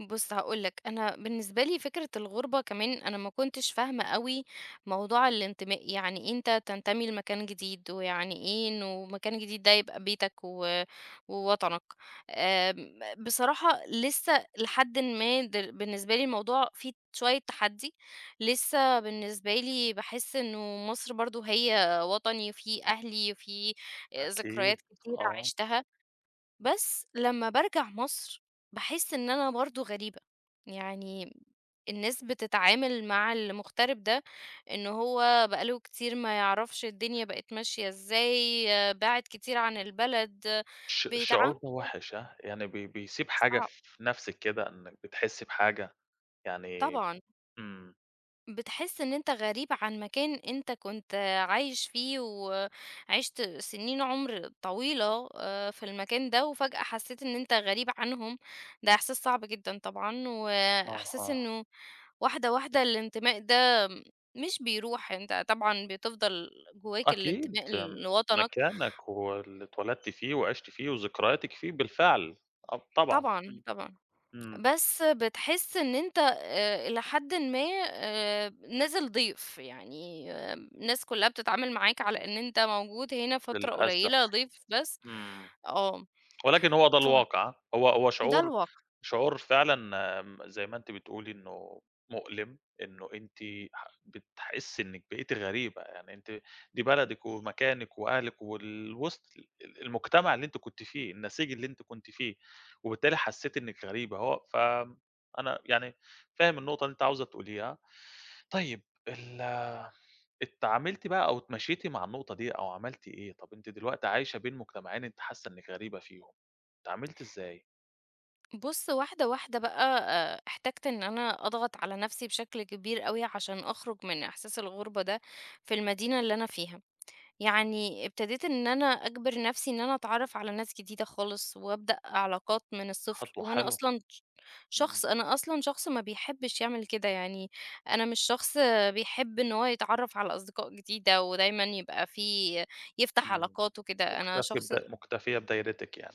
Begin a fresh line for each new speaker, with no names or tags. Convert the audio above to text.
بص، هاقول لك، أنا بالنسبة لي فكرة الغربة كمان، أنا ما كنتش فاهمة أوي موضوع الانتماء، يعني أنت تنتمي لمكان جديد ويعني إيه إنه مكان جديد ده يبقى بيتك و ووطنك، آمم، بصراحة لسّه لحدٍ ما د بالنسبة لي الموضوع فيه شوية تحدي، لسه بالنسبة لي باحس إنه مصر برضه هي وطني وفيه أهلي وفيه ذكريات
أكيد،
كتيرة
آه.
عشتها. بس لما بارجع مصر، باحس إن أنا برضو غريبة، يعني الناس بتتعامل مع المغترب ده، إنه هو بقى له كتير ما يعرفش الدنيا بقت ماشية إزاي، بِعد كتير عن البلد،
ش شعور
بيتعاملوا
ده وحش، هاه؟ يعني ب بيسيب حاجة
صعب.
في في نفسك كده، إنِّك بتحسِ بحاجة؟ يعني
طبعًا.
إمم.
بتحس إن أنت غريب عن مكان أنت كنت عايش فيه وعِشت سنين عمر طويلة آآ في المكان ده، وفجأة حسّيت إن أنت غريب عنهم، ده إحساس صعب جدًا طبعًا، وإحساس
أها.
إنّه واحدة، واحدة الانتماء ده مش بيروح، أنت طبعًا بتفضل جوّاك
أكيد،
الانتماء لوطنك.
مكانك واللي اتولدت فيه وعشت فيه وذكرياتِك فيه بالفعل. أ طبعًا.
طبعًا،
امم
طبعًا،
امم.
بس بتحس إن أنت إ إلى حدٍ ما، آآ، نازل ضيف، يعني الناس كلّها بتتعامل معاك على إن أنت موجود هنا فترة
للأسف،
قليلة، ضيف بس.
امم.
آه.
ولكن هو ده
ف
الواقع، ها؟ هو هو
ده
شعور
الواقع.
شعور فعلًا امم، زي ما أنتِ بتقولي، إنّه مؤلم، إنه أنتِ ح بتحسي إنِّك بقيتِ غريبة. يعني أنتِ، دي بلدك ومكانك وأهلك وال وِسط ال ال المجتمع اللي أنتِ كنتِ فيه، النسيج اللي أنتِ كنتِ فيه، وبالتالي حسّيتِ إنِّك غريبة. هو ف أنا، يعني، فاهم النقطة اللي أنتِ عاوزة تقوليها. طيب، ال اتعاملتِ بقى أو اتماشيتِ مع النقطة دي أو عملتِ إيه؟ طب أنتِ دلوقتي عايشة بين مجتمعين، أنتِ حاسّة إنّك غريبة فيهم، أتعاملتِ إزاي؟
بص، واحدة واحدة بقى، احتجت إن أنا أضغط على نفسي بشكل كبير أوي، عشان أخرُج من إحساس الغربة ده في المدينة اللي أنا فيها. يعني ابتديت إن أنا أجبر نفسي إن أنا أتعرّف على ناس جديدة خالص وأبدأ علاقات من الصفر،
خطوة
وأنا
حلوة.
أصلًا ش
إمم.
شخص أنا أصلًا شخص ما بيحبش يعمل كده يعني، أنا مش شخص بيحب إنّه هو يتعرف على أصدقاء جديدة ودايمًا يبقى فيه يفتح
امم
علاقات وكده أنا
مكتفي
شخص
بد مكتفية بدايرتك يعني.